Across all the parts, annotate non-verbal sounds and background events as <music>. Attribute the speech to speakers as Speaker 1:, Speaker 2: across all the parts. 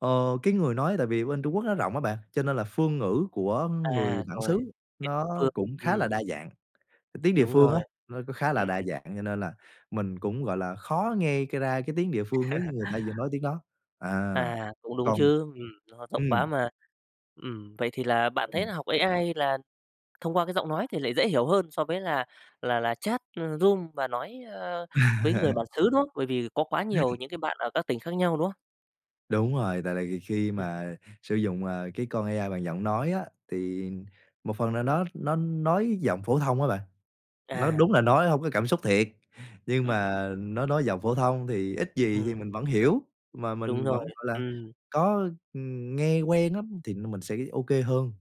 Speaker 1: Ờ, cái người nói tại vì bên Trung Quốc nó rộng á bạn, cho nên là phương ngữ của
Speaker 2: À,
Speaker 1: người bản
Speaker 2: rồi.
Speaker 1: xứ
Speaker 2: Tiếng
Speaker 1: nó
Speaker 2: địa phương.
Speaker 1: cũng khá
Speaker 2: Ừm.
Speaker 1: là đa dạng. Tiếng địa
Speaker 2: Đúng
Speaker 1: phương
Speaker 2: rồi.
Speaker 1: á, nó cũng khá
Speaker 2: Ừm.
Speaker 1: là đa
Speaker 2: Ừm.
Speaker 1: dạng, cho nên là mình cũng, gọi là, khó nghe c ra cái tiếng địa phương nếu như
Speaker 2: <laughs>
Speaker 1: người ta vừa nói tiếng đó. À,
Speaker 2: À, cũng đúng
Speaker 1: còn
Speaker 2: chứ, ừm, nó rộng
Speaker 1: ừm.
Speaker 2: quá mà. Ừm, vậy thì là bạn thấy
Speaker 1: Ừm.
Speaker 2: là học AI là thông qua cái giọng nói thì lại dễ hiểu hơn so với là là là chat, ờ, room và nói, ơ, với người bản
Speaker 1: <laughs>
Speaker 2: xứ, đúng không? Bởi vì có quá nhiều những cái bạn ở các tỉnh khác nhau, đúng không?
Speaker 1: Đúng rồi, tại là ghì khi
Speaker 2: Ừm.
Speaker 1: mà sử dụng, à, cái con AI bằng giọng nói á, thì một phần nào đó nó nói giọng phổ thông á bạn. Nó
Speaker 2: À.
Speaker 1: đúng là nói hông có cảm xúc thiệt, nhưng
Speaker 2: Ừm, ừm.
Speaker 1: mà nó nói giọng phổ thông thì ít gì thì
Speaker 2: Ừm.
Speaker 1: mình vẫn hiểu, mà
Speaker 2: Đúng
Speaker 1: mình
Speaker 2: rồi.
Speaker 1: vẫn, gọi là,
Speaker 2: Ừm.
Speaker 1: có, ừm, nghe quen lắm thì như mình sẽ OK hơn.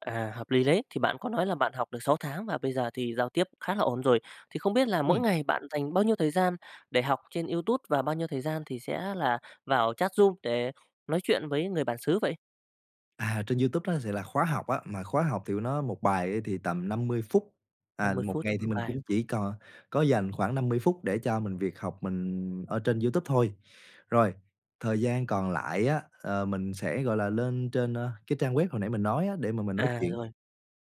Speaker 2: À, hợp lý đấy. Thì bạn có nói là bạn học được 6 tháng và bây giờ thì giao tiếp khá là ổn rồi, thì không biết là mỗi
Speaker 1: Ừm.
Speaker 2: ngày bạn dành bao nhiêu thời gian để học trên YouTube và bao nhiêu thời gian thì sẽ là vào chat room để nói chuyện với người bản xứ vậy?
Speaker 1: À, trên YouTube á, thì là khóa học á, mà khóa học thì nó 1 bài á thì tầm 50 phút,
Speaker 2: Năm
Speaker 1: à,
Speaker 2: mươi
Speaker 1: 1
Speaker 2: phút cho
Speaker 1: ngày thì
Speaker 2: 1
Speaker 1: mình
Speaker 2: bài.
Speaker 1: cũng chỉ cò có dành khoảng 50 phút để cho mình việc học mình ở trên YouTube thôi. Rồi, thời gian còn lại á, ờ, mình sẽ, gọi là, lên trên, ơ, cái trang web hồi nãy mình nói á để mà mình nói
Speaker 2: À,
Speaker 1: chuyện.
Speaker 2: rồi.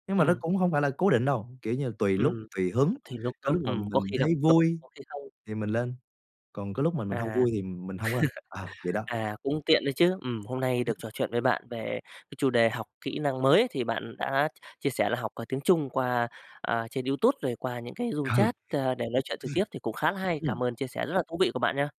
Speaker 1: Nhưng mà nó
Speaker 2: Ừm.
Speaker 1: cũng hông phải là cố định đâu, kiểu như, tùy lúc,
Speaker 2: Ừm.
Speaker 1: tùy hứng,
Speaker 2: Thì lúc
Speaker 1: có
Speaker 2: đó
Speaker 1: lúc mà
Speaker 2: ừm, có
Speaker 1: mình
Speaker 2: khi gặp
Speaker 1: thấy
Speaker 2: nó,
Speaker 1: vui
Speaker 2: có khi không.
Speaker 1: thì mình lên, còn có lúc mà mình hông
Speaker 2: À.
Speaker 1: vui
Speaker 2: <laughs>
Speaker 1: thì mình hông lên. Ờ, vậy đó.
Speaker 2: À, cũng tiện đấy chứ, ừm. Hôm nay
Speaker 1: Ừm.
Speaker 2: được trò chuyện với bạn về cái chủ đề học kỹ năng mới, thì bạn đã chia sẻ là học, ờ, tiếng Trung qua, ờ, trên YouTube rồi qua những cái room
Speaker 1: Ừ. Ừm.
Speaker 2: chat,
Speaker 1: Ừm.
Speaker 2: ơ, để nói chuyện trực tiếp thì cũng khá là hay.
Speaker 1: Ừm.
Speaker 2: Cảm ơn chia sẻ rất là thú vị của bạn nha.